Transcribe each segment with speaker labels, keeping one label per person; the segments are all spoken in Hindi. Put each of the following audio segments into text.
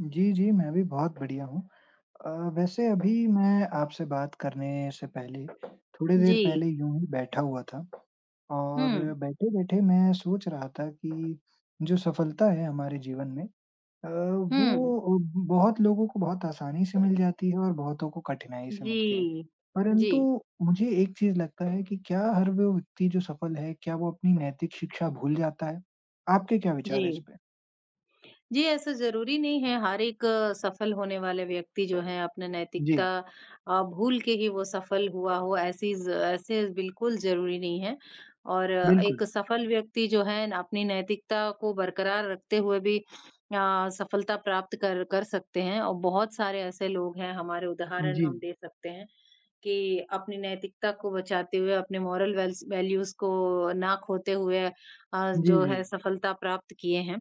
Speaker 1: जी, जी, मैं भी बहुत बढ़िया हूँ। अ, वैसे अभी मैं आपसे बात करने से पहले थोड़ी देर
Speaker 2: जी।
Speaker 1: पहले यूँ ही बैठा हुआ था और
Speaker 2: हुँ।
Speaker 1: बैठे-बैठे मैं सोच रहा था कि जो सफलता है हमारे जीवन में अ,
Speaker 2: हुँ।
Speaker 1: वो बहुत लोगों को बहुत आसानी से मिल जाती है और बहुतों को कठिनाई से मिलती है।
Speaker 2: जी,
Speaker 1: परंतु
Speaker 2: जी।
Speaker 1: मुझे एक चीज़ लगता है कि क्या हर वो व्यक्ति जो सफल है, क्या वो अपनी नैतिक शिक्षा भूल जाता है? आपके क्या विचार हैं इस
Speaker 2: जी।
Speaker 1: पे?
Speaker 2: जी, ऐसा ज़रूरी नहीं है, हार एक सफल होने वाले व्यक्ति जो है अपना नैतिकता
Speaker 1: जी।
Speaker 2: अ, भूल के ही वो सफल हुआ हो ऐसे ज़ ऐसे बिल्कुल ज़रूरी नहीं है और
Speaker 1: बिल्कुल।
Speaker 2: एक सफल व्यक्ति जो है अपनी नैतिकता को बरकरार रखते हुए भी अ, सफलता प्राप्त कर कर सकते हैं और बहुत सारे ऐसे लोग हैं हमारे उदाहरण हम
Speaker 1: जी।
Speaker 2: दे सकते हैं, कि अपनी नैतिकता को बचाते हुए, अपने मोरल वेल्स वैल्यूज को ना खोते हुए अ,
Speaker 1: जी,
Speaker 2: जो है
Speaker 1: जी।
Speaker 2: सफलता प्राप्त किए हैं।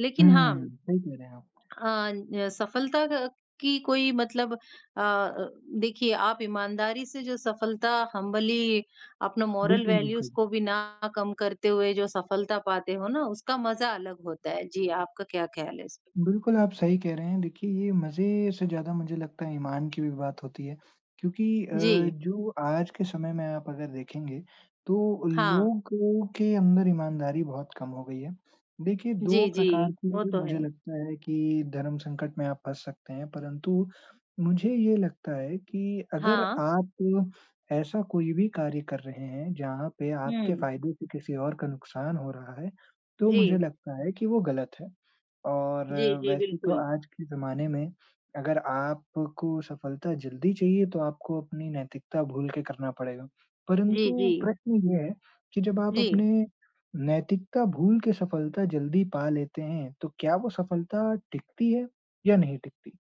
Speaker 2: लेकिन हाँ
Speaker 1: हुँ,
Speaker 2: अ,
Speaker 1: सही कह रहे हैं आप।
Speaker 2: ना सफलता का की कोई मतलब अ, देखिए आप ईमानदारी से जो सफलता हम्बली अपना मोरल
Speaker 1: बिल्कुल,
Speaker 2: वैल्यूज
Speaker 1: बिल्कुल।
Speaker 2: को भी ना कम करते हुए जो सफलता पाते हो ना, उसका मज़ा अलग होता है। जी, आपका क्या ख़्याल है इस पे?
Speaker 1: बिल्कुल, आप सही कह रहे हैं, देखिए ये मज़े से ज़्यादा मुझे लगता है ईमान की भी बात होती है। क्योंकि अ,
Speaker 2: जी।
Speaker 1: जो आज के समय में आप अगर देखेंगे तो
Speaker 2: हाँ।
Speaker 1: लोगों के अंदर ईमानदारी बहुत कम हो गई है। देखिए 2
Speaker 2: जी, जी।
Speaker 1: प्रकार
Speaker 2: वो
Speaker 1: के
Speaker 2: तो
Speaker 1: मुझे
Speaker 2: है।
Speaker 1: लगता है कि धर्म संकट में आप फँस सकते हैं, परंतु मुझे ये लगता है कि अगर
Speaker 2: हाँ।
Speaker 1: आप ऐसा कोई भी कार्य कर रहे हैं, जहाँ पे आपके
Speaker 2: हुँ।
Speaker 1: फ़ायदे से किसी और का नुकसान हो रहा है, तो मुझे
Speaker 2: जी।
Speaker 1: लगता है कि वो गलत है। और
Speaker 2: जी, जी,
Speaker 1: वैसे तो
Speaker 2: बिल्कुल।
Speaker 1: आज के ज़माने में अगर आपको सफलता जल्दी चाहिए, तो आपको अपनी नैतिकता भूल के करना पड़ेगा,
Speaker 2: जी,
Speaker 1: परंतु
Speaker 2: जी।
Speaker 1: प्रश्न ये है कि जब आप अपने
Speaker 2: जी।
Speaker 1: नैतिकता भूल के सफलता जल्दी पा लेते हैं, तो क्या वो सफलता टिकती है या नहीं टिकती?